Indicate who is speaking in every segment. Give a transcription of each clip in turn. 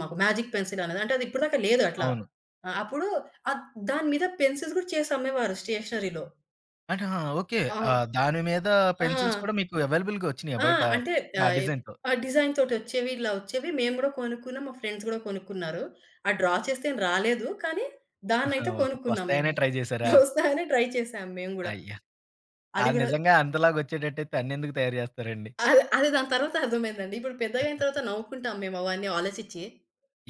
Speaker 1: మాకు మేజిక్ పెన్సిలనేది అంటే ఇప్పటి దాకా లేదట్లా.
Speaker 2: అవును.
Speaker 1: ఆహ్, అప్పుడు అ దాని మీద పెన్సిల్స్ కూడా చేసి అమ్మేవారు స్టేషనరీలో.
Speaker 2: ఆహా! ఓకే.
Speaker 1: ఆ!
Speaker 2: ఆహ్, దాని మీద
Speaker 1: ఆ!
Speaker 2: పెన్సిల్స్ కూడా మీకు అవైలబుల్‌గా వచ్చినాయా
Speaker 1: ఆ!
Speaker 2: బయట?
Speaker 1: అంటే
Speaker 2: ఆ
Speaker 1: ఆహ్,
Speaker 2: డిజైన్‌తో?
Speaker 1: ఆ డిజైన్‌తోటొచ్చేవి ఇలా వచ్చేవి. మేము కూడా కొనుక్కున్నాం. మా ఫ్రెండ్స్ కూడా కొనుక్కున్నారు. ఆ డ్రా చేస్తే ఏం రాలేదు. కానీ దాన్నయితే
Speaker 2: ఓహ్!
Speaker 1: కొనుక్కున్నాం
Speaker 2: వస్తాయనే
Speaker 1: మేము.
Speaker 2: ట్రై జేసారా?
Speaker 1: వస్తదనే ట్రై చేసాం మేము గూడా.
Speaker 2: అయ్యా!
Speaker 1: అది
Speaker 2: ఆహ్,
Speaker 1: గూడా.
Speaker 2: నిజంగా అంతలాగా వచ్చేటట్టైతే అన్నెందుకు తయారు చేస్తారండి?
Speaker 1: అదే అదే దాని తరువాత అర్థమయిందండి. ఇప్పుడు పెద్దగయిన తరువాత నవ్వుకుంటాం మేము అవన్నీ ఆలోచిచ్చి.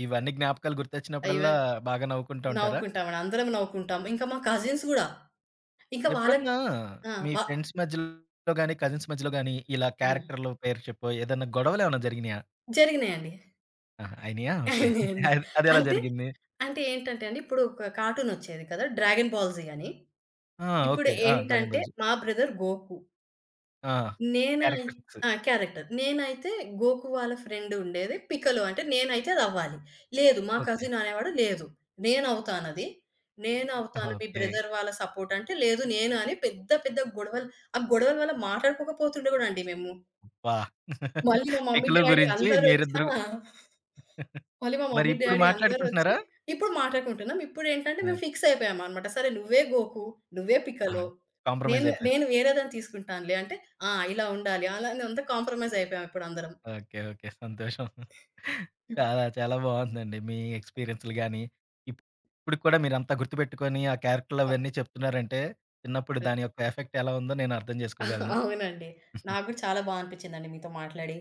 Speaker 2: ఇవన్నీ జ్ఞాపకాలు గుర్తొచ్చినప్పుడల్లా
Speaker 1: ఈవెన్
Speaker 2: బాగా నవ్వుకుంటూ ఉంటారా?
Speaker 1: నవ్వుకుంటామాట. అందరం నవ్వుకుంటాం ఇంకా మా కజిన్స్ కూడా. ఇంకా వాళ్ళకి
Speaker 2: ఎప్పుడన్నా
Speaker 1: ఆ!
Speaker 2: మీ
Speaker 1: వా
Speaker 2: ఫ్రెండ్స్ మధ్యలో గాని, కజిన్స్ మధ్యలో గాని ఇలా
Speaker 1: హ్మ్.
Speaker 2: క్యారెక్టర్‌లో పేరు చెప్పు ఏదైనా గొడవలేమైనా జరిగినయా?
Speaker 1: జరిగినాయండి.
Speaker 2: ఆహా! అయినాయా? ఓకే.
Speaker 1: అయినయండి.
Speaker 2: అది అది ఎలా
Speaker 1: అంటే
Speaker 2: జరిగింది?
Speaker 1: అంటే ఏంటంటే అండి. ఇప్పుడు ఒక కార్టూన్ ఒచ్చేది కదా! 'డ్రాగన్ బాల్‌జీ' అని.
Speaker 2: ఆ!
Speaker 1: ఇప్పుడు
Speaker 2: ఓకే. ఆ! డ్రాగన్
Speaker 1: ఏంటంటే
Speaker 2: బెల్స్.
Speaker 1: మా బ్రదర్ 'గోకు.'
Speaker 2: ఆ!
Speaker 1: నేనే
Speaker 2: క్యారెక్టర్స్.
Speaker 1: ఆ! క్యారెక్టర్. నేనైతే గోకు వాళ్ళ ఫ్రెండు ఉండేది, 'పికలు' అంటే నేనైతే అది అవ్వాలి. లేదు మా
Speaker 2: ఓకే.
Speaker 1: కసిన్ అనేవాడు లేదు, "నేను అవుతానది. నేనవుతాను. మీ
Speaker 2: ఓకే.
Speaker 1: బ్రదర్ వాళ్ళ సపోర్ట్ అంటే" లేదు నేను అని పెద్ద పెద్ద గొడవలు ఆ గొడవల వల్ల మాట్లాడుకోకపోతుండే అండి మేము.
Speaker 2: అబ్బా!
Speaker 1: మళ్ళీ మా మమ్మీ,
Speaker 2: పిక్‌లు
Speaker 1: డాడీ
Speaker 2: గురించి
Speaker 1: అందరూ వచ్చిన
Speaker 2: మీరిద్దరు
Speaker 1: ఆ మళ్ళి మా మమ్మీ
Speaker 2: మరిప్పుడు
Speaker 1: డాడీ అందరొచ్చి
Speaker 2: మాట్లాడుకుంటున్నారా?
Speaker 1: ఇప్పుడు మాట్లాడుకుంటున్నాం. ఇప్పుడు ఏంటంటే
Speaker 2: ఓకే.
Speaker 1: మేము ఫిక్స్ అయిపోయామన్నమాట. సరే నువ్వే 'గోకు,' నువ్వే 'పికలు' నేను,
Speaker 2: కాంప్రమైజ్ అయిపోయారు.
Speaker 1: నేను వేరే దాన్ని తీసుకుంటానులే అంటే ఆ! ఇలా ఉండాలి, అలా అంతా కాంప్రమైజ్ అయిపోయామప్పుడు అందరం.
Speaker 2: ఓకే. ఓకే. సంతోషం.
Speaker 1: హ్మ్.
Speaker 2: చాలా చాలా బాగుందండి మీ ఎక్స్‌పిరియన్సులు గాని, ఇప్పుటికి కూడా మీరంతా గుర్తుపెట్టుకొని ఆ క్యారెక్టరులు
Speaker 1: ఆ!
Speaker 2: అవన్నీ చెప్తున్నారంటే, చిన్నప్పుడు
Speaker 1: యాహ్!
Speaker 2: దాని యొక్క ఎఫెక్ట్ ఎలా ఉందో నేనర్థం చేసుకోగలను.
Speaker 1: అవునండి. నాకు కూడా చాలా బాగా అనిపించిందండి మీతో మాట్లాడి.